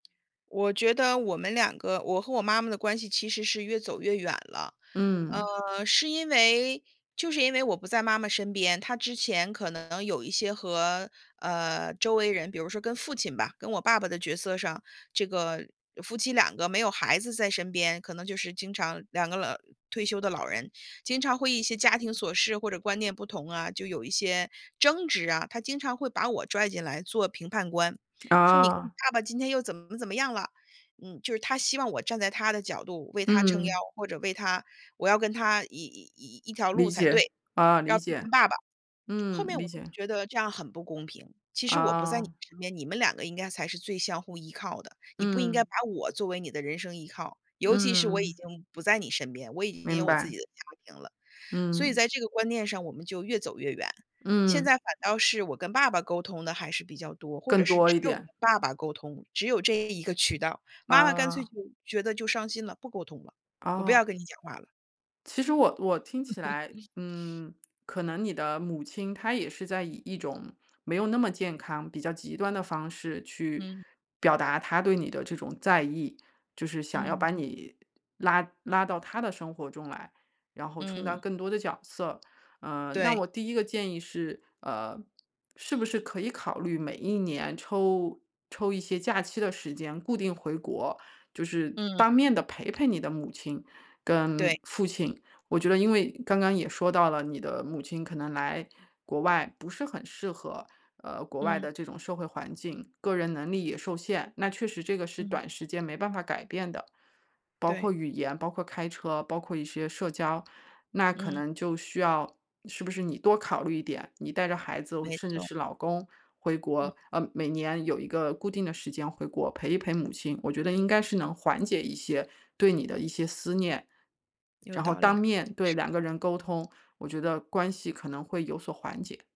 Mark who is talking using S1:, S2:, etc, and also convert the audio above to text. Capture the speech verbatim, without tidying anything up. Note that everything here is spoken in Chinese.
S1: 我觉得我们两个-我和我妈妈的关系-其实是越走越远了。
S2: 嗯。
S1: 呃，是因为就是因为我不在妈妈身边，她之前可能有一些和，呃，周围人，比如说跟父亲吧，跟我爸爸的角色上，这个夫妻两个没有孩子在身边，可能就是经常两个老退休的老人，经常会一些家庭琐事或者观念不同啊，就有一些争执啊。她经常会把我拽进来做评判官，说：“你你
S2: 啊。
S1: 爸爸今天又怎么怎么样了”，嗯，就是她希望我站在她的角度为她撑腰，
S2: 嗯。
S1: 或者为她我要跟她一一一条路
S2: 理
S1: 才
S2: 解，
S1: 对，
S2: 啊，
S1: 要
S2: 理
S1: 批评
S2: 解，
S1: 爸爸。后
S2: 嗯，
S1: 面
S2: 理
S1: 我就
S2: 解。
S1: 觉得这样很不公平，其实我不在你
S2: 啊。
S1: 身边，你们两个应该才是最相互依靠的，你不应该把
S2: 嗯。
S1: 我作为你的人生依靠，尤其是我已
S2: 嗯。
S1: 经不在你身边，我已经有
S2: 明
S1: 我自
S2: 白。
S1: 己的家庭了。所以
S2: 嗯。
S1: 在这个观念上我们就越走越远，现在
S2: 嗯。
S1: 反倒是我跟爸爸沟通得还是比较多，或者
S2: 更
S1: 是
S2: 多
S1: 只
S2: 一
S1: 有跟
S2: 点。
S1: 爸爸沟通，只有这一个渠道。妈妈干脆
S2: 啊。
S1: 就觉得就伤心了，不沟通了，我不
S2: 哦。
S1: 要跟你讲话了。
S2: 其实我我听起来，嗯，可能你的母亲，她也是在以一种没有那么健康、比较极端的方式去
S1: 嗯。
S2: 表达她对你的这种在意，就是想要
S1: 嗯。
S2: 把你拉拉到她的生活中来，然后充当
S1: 嗯。
S2: 更多的角色。呃，那
S1: 对。
S2: 我第一个建议是，呃，是不是可以考虑每一年抽抽一些假期的时间固定回国，就是
S1: 嗯。
S2: 当面地陪陪你的母亲
S1: 对。
S2: 跟父亲。我觉得因为刚刚也说到了，你的母亲可能来国外不是很适合，呃，国外
S1: 嗯。
S2: 的这种社会环境，个人能力也受限，那确实这个是
S1: 嗯。
S2: 短时间没办法改变的。包
S1: 对。
S2: 括语言、包括开车、包括一些社交，那可
S1: 嗯。
S2: 能就需要，是不是你多考虑一点，你带着孩子，
S1: 没
S2: 甚至
S1: 错。
S2: 是老公回
S1: 嗯。
S2: 国，呃，每年有一个固定的时间回国陪一陪母亲，我觉得应该是能缓解一些对你的一些思念。
S1: 有
S2: 然后，
S1: 道
S2: 当
S1: 理，
S2: 面对
S1: 是。
S2: 两个人沟通，我觉得关系可能会有所缓解。